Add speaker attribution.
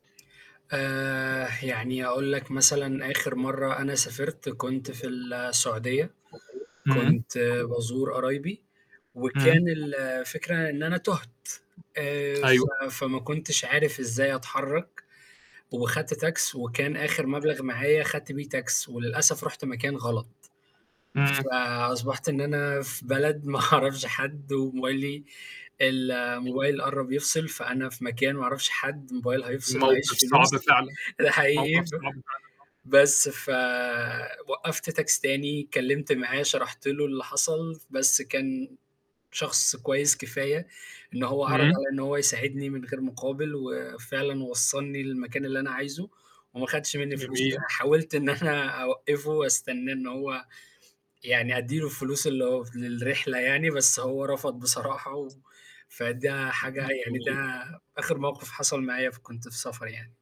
Speaker 1: آآ يعني أقول لك مثلًا آخر مَرّة أنا سافرت كنت في السعودية،
Speaker 2: إمم.
Speaker 1: كنت بازور قرايبي
Speaker 2: إمم.
Speaker 1: وكان الفكرة إن أنا تُهت، آآ ف
Speaker 2: أيوه.
Speaker 1: فما كنتش عارف إزاي أتحرّك، وخدت تاكسي وكان آخر مبلغ معايا خدت بيه تاكسي، وللأسف رُحت مكان غلط،
Speaker 2: إمم.
Speaker 1: فأصبحت إن أنا في بلد ما أعرفش حد، وموبايلي الموبايل قرّب يفصل، فأنا في مكان ما أعرفش حد الموبايل هيفصل ما
Speaker 2: موقف
Speaker 1: عيش
Speaker 2: صعب
Speaker 1: فلوس،
Speaker 2: فعلًا،
Speaker 1: آآ حقيقي
Speaker 2: موقف
Speaker 1: ب
Speaker 2: صعب فعلًا آه.
Speaker 1: بس فوقّفت تاكسي تاني اتكلّمت معاه، شرحت له اللي حصل، بس كان شخص كويس كفاية إن هو عرض
Speaker 2: إمم.
Speaker 1: عليَّ إن هو يساعدني من غير مقابل، وفعلًا وصّلني للمكان اللي أنا عايزه وما خدش مني فلوس،
Speaker 2: جميل.
Speaker 1: حاولت إن أنا أوقّفه أستناه إن هو يعني أدّيله الفلوس اللي هو للرحلة يعني بس هو رفض بصراحة، و فده حاجة يعني ده
Speaker 2: جميل.
Speaker 1: آخر موقف حصل معايا فكنت في سفر يعني.